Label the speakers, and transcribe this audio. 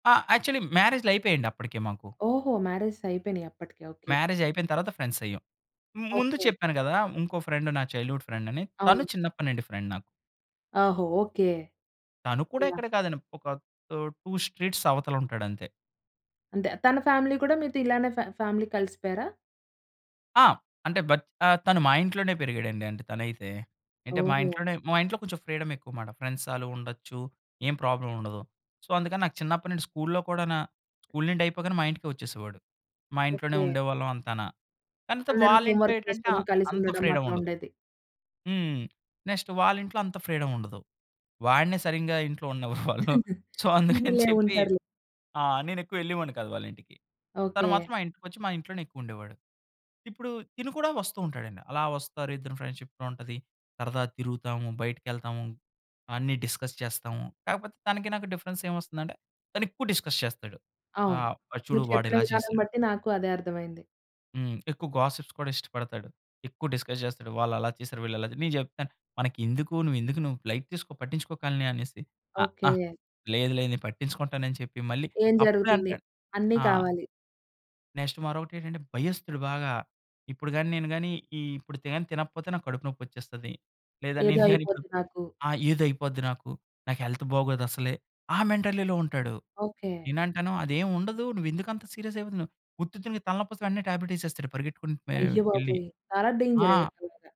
Speaker 1: ఆ! యాక్చువల్లీ మ్యారేజ్‌లయిపేయండి అప్పడికి మాకు.
Speaker 2: ఓహో! మ్యారేజెస్ అయిపోయినియి అప్పటికి. ఓకే.
Speaker 1: మ్యారేజ్ అయిపోయిన తరువాత ఫ్రెండ్స్ అయ్యాం. మ్ ముందు
Speaker 2: ఓకే.
Speaker 1: చెప్పాను కదా! ఇంకో ఫ్రెండ్ నా చైల్డ్‌హుడ్ ఫ్రెండ్ అని, తను
Speaker 2: అవును.
Speaker 1: చిన్నప్పడి నుండి ఫ్రెండ్ నాకు.
Speaker 2: ఓహో! ఓకే.
Speaker 1: తను కూడా
Speaker 2: యాహ్!
Speaker 1: ఇక్కడే కాదండి. ఒక తు 2 స్ట్రీట్స్ అవతల ఉంటాడు అంతే.
Speaker 2: అంతే. తన ఫ్యామిలీ కూడా మీతో ఇలానే ఫ్యా ఫ్యామిలీ కలిసిపోయారా?
Speaker 1: ఆ! అంటే, బత్ ఆహ్, తను మా ఇంట్లోనే పెరిగాడండి. అంటే తనైతే. అంటే, మా
Speaker 2: ఓహో!
Speaker 1: ఇంట్లోనే మా ఇంట్లో కొంచెం ఫ్రీడమ్ ఎక్కువమాట. ఫ్రెండ్స్ ఆలు ఉండొచ్చు. ఏం ప్రాబ్లమ్ ఉండదు. సో, అందుకని నాకు చిన్నప్పడినుండి స్కూల్‌లో కూడానా స్కూల్ నుండి అయిపోగానే మా ఇంటికే వచ్చేసేవాడు. మా ఇంట్లోనే
Speaker 2: ఓకే.
Speaker 1: ఉండేవాళ్ళం అంతాన. కానితే
Speaker 2: అందరూ
Speaker 1: వాళ్ళ
Speaker 2: హోమ్
Speaker 1: ఇంట్లో
Speaker 2: వర్క్
Speaker 1: ఏటంటే,
Speaker 2: చేసుకోడం,
Speaker 1: ఆహ్,
Speaker 2: కలిసి
Speaker 1: అంత
Speaker 2: ఉండడం
Speaker 1: ఫ్రీడమ్
Speaker 2: అట్లా
Speaker 1: ఉండదు.
Speaker 2: ఉండేది.
Speaker 1: హ్మ్. నెక్స్ట్ వాళ్ళ ఇంట్లో అంత ఫ్రీడమ్ ఉండదు. వాడినే సరింగా ఇంట్లో ఉండనివ్వరు వాళ్ళు. సో, అందుకని
Speaker 2: ఉందిలే.
Speaker 1: చెప్పి
Speaker 2: ఉంటారులే.
Speaker 1: ఆ! నేనెక్కువెళ్ళేవాడిని కాదు వాళ్ళింటికి. తను
Speaker 2: ఓకే.
Speaker 1: మాత్రం మా ఇంటికొచ్చి, మా ఇంట్లోనే ఎక్కువుండేవాడు. ఇప్పుడు తిను కూడా వస్తూ ఉంటాడండి. అలా వస్తారు, ఇద్దరు ఫ్రెండ్‌షిప్‌లో ఉంటది, సరదా తిరుగుతాము, బయటికెళ్తాము. అన్నీ డిస్కస్ చేస్తాము. కాకపోతే, తనకి నాకు డిఫరెన్స్ ఏమొస్తుందంటే తను ఎక్కువ డిస్కస్ చేస్తాడు.
Speaker 2: అవును.
Speaker 1: ఆహ్, చూడు
Speaker 2: మీరు
Speaker 1: వాడు
Speaker 2: చెప్పిన
Speaker 1: ఇలా
Speaker 2: విధానం
Speaker 1: చేసాడు
Speaker 2: బట్టి నాకు అదే అర్థమైంది.
Speaker 1: హ్మ్. ఎక్కువ గాసిప్స్ కూడా ఇష్టపడతాడు. ఎక్కువ డిస్కస్ చేస్తాడు. వాళ్ళు అలా చేసారు, వీళ్ళు ఇలా చేసారు. నేను చెప్తాను "మనకెందుకు? నువ్వు ఎందుకు? నువ్వు లైట్ తీసుకో పట్టించుకోకాలని" అనేసి. "అహా!
Speaker 2: ఓకే.
Speaker 1: లేదు. లేదు. నేను పట్టించుకుంటాను" అని చెప్పి మళ్ళీ
Speaker 2: ఏం
Speaker 1: అప్పుడే
Speaker 2: జరుగుతుంది?
Speaker 1: అంటాడు.
Speaker 2: అన్నీ
Speaker 1: ఆ!
Speaker 2: కావాలి.
Speaker 1: నెక్స్ట్ మరొకటేంటంటే, భయస్తుడు బాగా. ఇప్పుడు గాని నేను గాని ఈ ఇప్పుడు తిన తినకపోతే నాకు కడుపు నొప్పొచ్చేస్తది. లేదా,
Speaker 2: ఏదో
Speaker 1: నేను గాని ఇప్పుడు
Speaker 2: అయిపోద్ది నాకు.
Speaker 1: ఆ! ఏదో అయిపోద్ది నాకు. నాకు హెల్త్ బాగోదు అసలే, ఆ మెంటాలిటీలో ఉంటాడు.
Speaker 2: ఓకే.
Speaker 1: నేను అంటాను అదేం ఉండదు. నువ్వెందుకు అంత సీరియస్ అయిపోతున్నావు? ఉత్తిత్తునికి తలనొప్పిస్తే వెంటనే టాబ్లెట్ ఏసేస్తాడు పరిగెత్తుకుంటూ వె ఎళ్లి.
Speaker 2: అయ్యబాబోయ్! చాలా డేంజర్
Speaker 1: ఆ!
Speaker 2: ఇలాగ.